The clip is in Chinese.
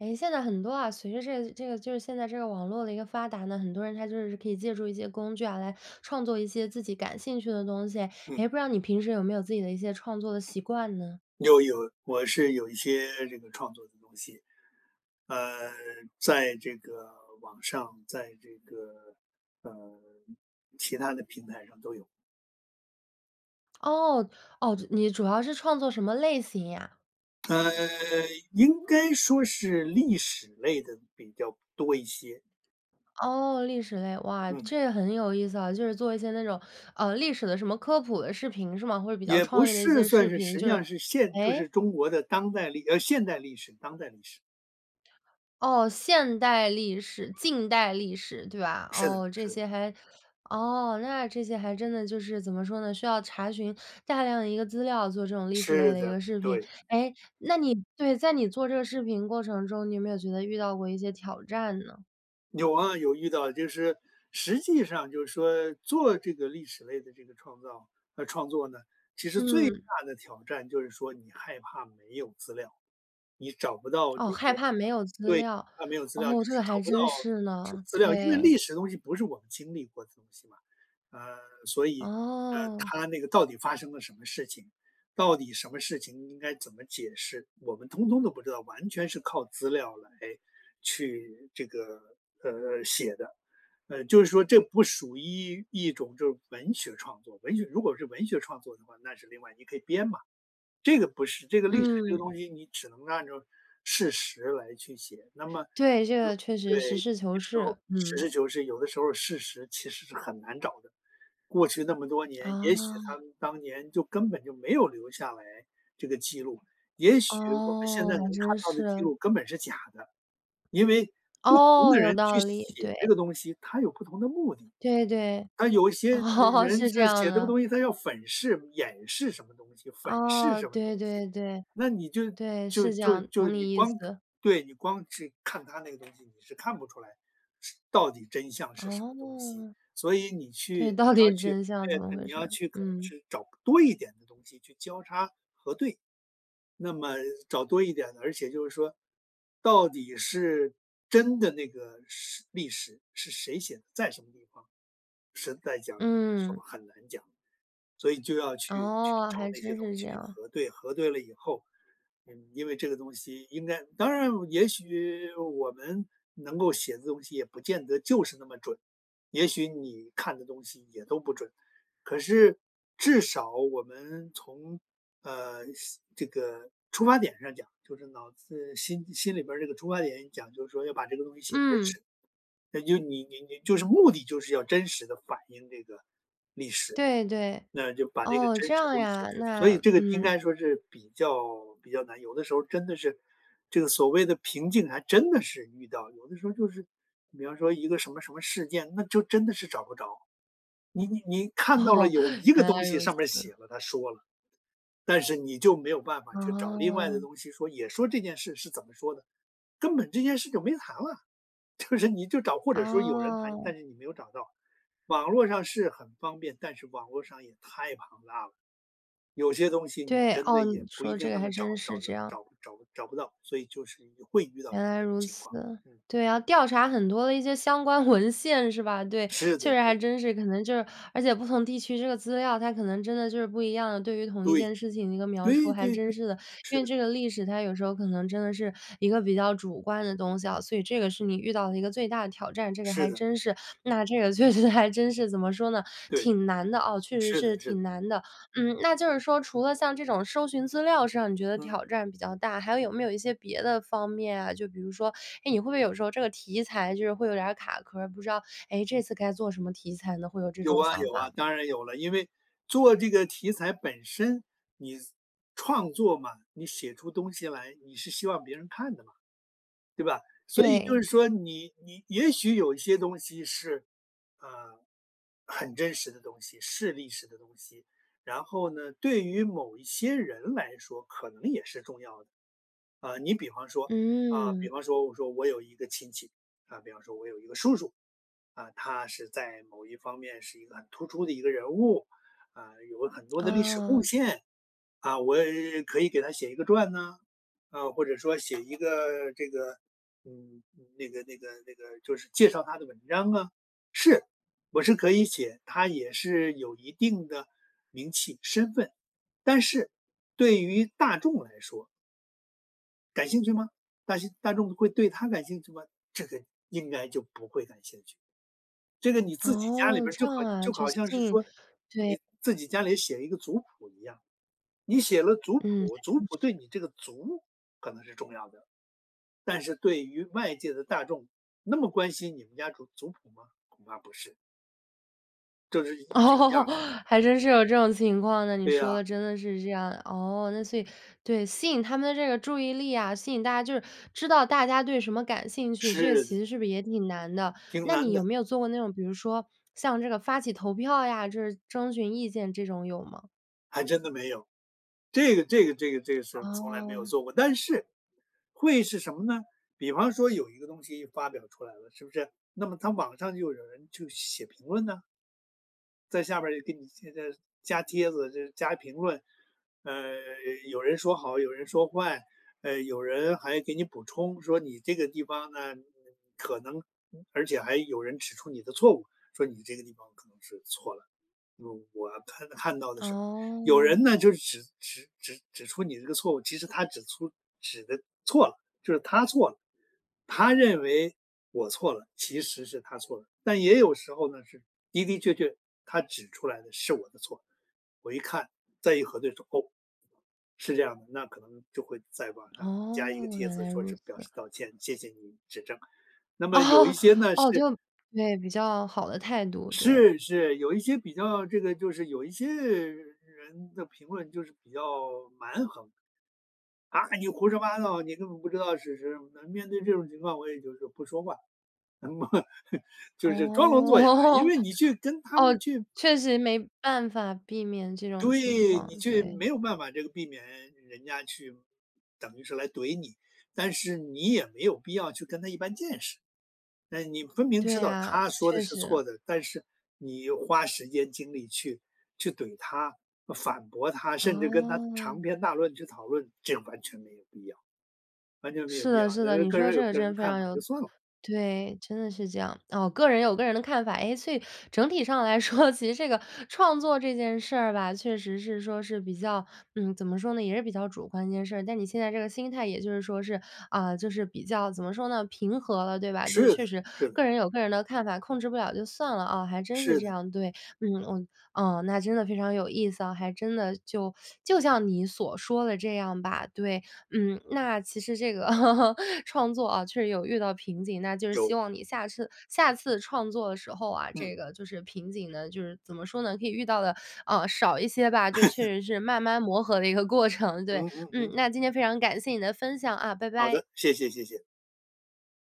哎，现在很多啊，随着这个这个就是现在这个网络的一个发达呢，很多人他就是可以借助一些工具啊，来创作一些自己感兴趣的东西。嗯。诶，不知道你平时有没有自己的一些创作的习惯呢？有有。我是有一些这个创作的东西。呃，在这个网上，在这个呃，其他的平台上都有。哦，哦，你主要是创作什么类型呀？呃，应该说是历史类的比较多一些。哦，历史类，哇，嗯。这很有意思啊，就是做一些那种呃，历史的什么科普的视频是吗？或者比较也不创意的一是，些算视是频，实就际上是是现就诶？是中国的当代历呃，现代历史、当代历史。哦，现代历史、近代历史，对吧？是的哦，这是的。些还哦，那这些还真的就是怎么说呢，需要查询大量的一个资料，做这种历史类是的一的。个视频。对。哎，那你对，在你做这个视频过程中，你有没有觉得遇到过一些挑战呢？有啊有遇到，就是实际上就是说做这个历史类的这个创造呃，创作呢，其实最嗯。大的挑战就是说你害怕没有资料。你找不到这哦，害个怕没有资对，料，它没有资料就哦，这是个找还不到真是资呢，资料。因为对。历史的东西不是我们经历过的东西嘛，呃，所以，呃，哦。它那个到底发生了什么事情，到底什么事情应该怎么解释，我们通通都不知道，完全是靠资料来去这个，呃，写的。呃，就是说这不属于一一种就是文学创作，文学如果是文学创作的话，那是另外你可以编嘛，这个不是。这个历史这个嗯。东西，你只能按照事实来去写，那么对，这有个确实对，有实事求些时是，候实嗯。事求是，有的时候事实其实是很难找的。过去那么多年，也许他哦。们当年就根本就没有留下来这个记录，也许我们现哦，在能还看真到的记是。录根本是假的。因为不同哦，的有人去道理，写对。这个东西，它有不同的目的。对对，他有一些哦，人是这他写样这个的。东西，他要粉饰、掩饰什么东西，粉饰哦，什么东对西。对对，那你就对，就是这就样，就懂你你意光看思。对，你光是看他那个东西，你是看不出来是到底真相是什么东西。哦。所以你对，去到你要底去真相怎么对，回你事要儿？去可能嗯。去找多一点的东西去交叉核对。那么找多一点的而且就是说到底是真的那个是历史是谁写的，在什么地方，实在讲有的时嗯。候很难讲。所以就要去去哦，找还那些真东是西这样。核对，核对了以后，嗯，因为这个东西应该当然也许我们能够写的东西也不见得就是那么准，也许你看的东西也都不准，可是至少我们从，呃，心这个出发点上讲，就是脑子心心里边儿这个出发点讲，就说要把这个东西写真嗯。实，那就你你你就是目的就是要真实地反映这个历史。对对，那就把这个哦，真这实的样东西写呀，出来，所那以这个应嗯。该说是比较比较难。有的时候真的是这个所谓的瓶颈还真的是遇到，有的时候就是比方说一个什么什么事件，那就真的是找不着。你你你看到了哦，有一个原来东如西上面儿此。写了，它说了，但是你就没有办法去找另外的哦。东西说，也说这件事是怎么说的，根本这件事就没谈了，就是你就找或者说有人谈，哦。但是你没有找到。网络上是很方便，但是网络上也太庞大了。有些东西你对，真的哦，你也不一说定这个那还么找真是找这得样。找找找不到，所以就是你会遇到原来这种如情况。此，嗯。对啊，调查很多的一些相关文献是吧？对，是的确实是的。还真是可能就是而且不同地区这个资料，它可能真的就是不一样，对于同一对，件事情的一个描述对还对真对，是的。因是为的。这个历史它有时候可能真的是一个比较主观的东西啊，所以这个是你遇到的一个最大的挑战。这个是还的。真是。那这个确实还真是怎么说呢，对。挺难的哦，确实是是的是的。挺难的。嗯，那就是说除了像这种搜寻资料上你觉得嗯。挑战比较大，还有没有一些别的方面啊，就比如说，诶，你会不会有时候这个题材就是会有点儿卡壳儿，不知道，诶，这次该做什么题材呢？会有这有种啊想有啊，法吗？当然有了，因为做这个题材本身，你创作嘛，你写出东西来，你是希望别人看的嘛。对吧，所以就对。是说你你也许有一些东西是，呃，很真实的东西，是历史的东西，然后呢，对于某一些人来说可能也是重要的。啊，你比方说啊，比嗯。方说我说我有一个亲戚，啊，比方说我有一个叔叔，啊，他是在某一方面是一个很突出的一个人物，啊，有很多的历史贡哦。献。啊，我可以给他写一个传啊，啊，或者说写一个这个嗯，那个那个那个，就是介绍他的文章啊，是，我是可以写，他也是有一定的名气身份，但是对于大众来说感兴趣吗？但是大众会对他感兴趣吗？这个应该就不会感兴趣。这个你自己家里哦，边儿，这就好样啊。就就好像是信说对。你自己家里写一个族谱一样，你写了族嗯，谱，还族真的谱对是。你这个族，可能是重要的。但是对于外界的大众，那么关心你们家族族谱吗？恐怕不是。就是一是一哦，样的。还真是有这种情况呢？你对说啊。的真的是这样。哦，那所以对，吸引他们的这个注意力啊，吸引大家，就是知道大家对什么感兴趣，这个是其的。实是不是也挺难的？挺那难你有的。没有做过那种，比如说像这个发起投票呀，就是征询意见这种有吗？还真的没有，这个这个这个这个是从来没有哦。做过。但是，会是什么呢？比方说有一个东西发表出来了，是不是？那么它网上就有人就写评论呐。在下边儿就给你添加加帖子、就加评论，呃，有人说好，有人说坏。呃，有人还给你补充说你这个地方呢，嗯，可能而且还有人指出你的错误，说你这个地方可能是错了。嗯，我看看到的是有人哦。呢，就是指指指指出你这个错误，其实他指出指得错了，就是他错了。他认为我错了，其实是他错了。但也有时候呢，是的的确确他指出来的是我的错，我一看，再一核对说，哦，是这样的，那可能就会在网上加一个哦，帖原子来说如是表此示啊。道歉，谢谢您指正。那么有一哦，些呢，哦，是就对，比较好的态度，对。是是，有一些比较这个就是有一些人的评论就是比较蛮横“啊，你胡说八道，你根本不知道是谁。”那面对这种情况，我也就是不说话，就是装聋作哑，因哦，为你去跟 他哦，们去确实没办法避免这种情对，你况。去对。没有办法这个避免人家去等于是来怼你，但是你也没有必要去跟他一般见识。那你分明对知道呀，他说确的是错实。的，但是你花时间精力去去怼他、反驳他，甚至跟他长哦。篇大论去讨论，这完全没有必要完全没有是必要。的，是的。呃，你各说人有这个各真人的的非看常法有就算了。对，真的是这样。哦，个人有个人的看法。诶，所以整体上来说，其实这个创作这件事儿吧，确实是说是比较嗯，怎么说呢？也是比较主观的一件事儿，但你现在这个心态也就是说是啊，就是比较怎么说呢？平和了，对吧？就是是的确实是的。各人有各人的看法，控制不了就算了啊。还真是是这的。样，对，嗯，哦，哦。那真的非常有意思啊，还真的就 就像你所说的这样吧。对，嗯，那其实这个 创作啊，确实有遇到瓶颈，那就是希有。望你下次下次创作的时候啊，嗯。这个就是瓶颈呢，就是怎么说呢？可以遇到得，呃，少一些吧，就确 实是慢慢磨合的一个过程。对。嗯嗯嗯，嗯。那今天非常感谢你的分享啊，拜好拜。的。谢谢谢谢。